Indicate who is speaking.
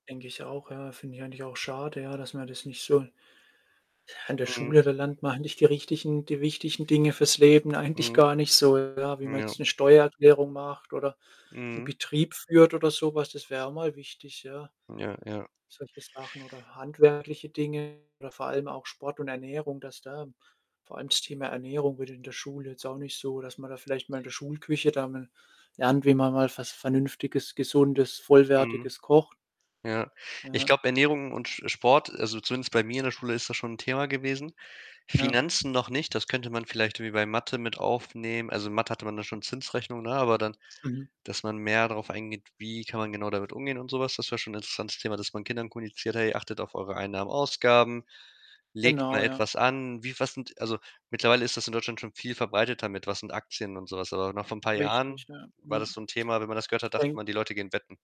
Speaker 1: Denke ich auch, ja. Finde ich eigentlich auch schade, ja, dass man das nicht so an der
Speaker 2: Mhm.
Speaker 1: Schule, da lernt man halt nicht die richtigen die wichtigen Dinge fürs Leben eigentlich
Speaker 2: Mhm.
Speaker 1: gar nicht so, ja, wie man
Speaker 2: Ja.
Speaker 1: jetzt 'ne Steuererklärung macht oder 'n
Speaker 2: Mhm.
Speaker 1: Betrieb führt oder so was. Das wäre auch mal wichtig, ja.
Speaker 2: Ja, ja.
Speaker 1: Solche Sachen oder handwerkliche Dinge oder vor allem auch Sport und Ernährung, dass da vor allem das Thema Ernährung wird in der Schule jetzt auch nicht so dass man da vielleicht mal in der Schulküche da mal lernt, wie man mal was Vernünftiges, Gesundes,
Speaker 2: Mhm.
Speaker 1: Vollwertiges kocht.
Speaker 2: Ja. Ich
Speaker 1: Mhm.
Speaker 2: glaube, Ernährung und Sch. Sport also, zumindest bei mir in der Schule ist das schon 'n Thema gewesen.
Speaker 1: Ja.
Speaker 2: Finanzen noch nicht, das könnte man vielleicht wie bei Mathe mit aufnehmen. Also, Mathe hatte man da schon Zinsrechnungen, ne, aber dann
Speaker 1: Mhm.
Speaker 2: dass man mehr darauf eingeht, wie kann man genau damit umgehen und so was? Das wäre schon 'n interessantes Thema, dass man Kindern kommuniziert: „Hey, achtet auf eure Einnahmen, Ausgaben, legt
Speaker 1: Genau,
Speaker 2: mal
Speaker 1: ja.
Speaker 2: etwas an. Wie was sind“ also mittlerweile ist das in Deutschland schon viel verbreiteter mit: „Was sind Aktien und so was?“ Aber noch vor 'n paar
Speaker 1: Richtig,
Speaker 2: Jahren
Speaker 1: ja, mhm.
Speaker 2: war das so 'n Thema, wenn man das gehört hat, dachte
Speaker 1: [unintelligible]
Speaker 2: man, die Leute gehen in wetten.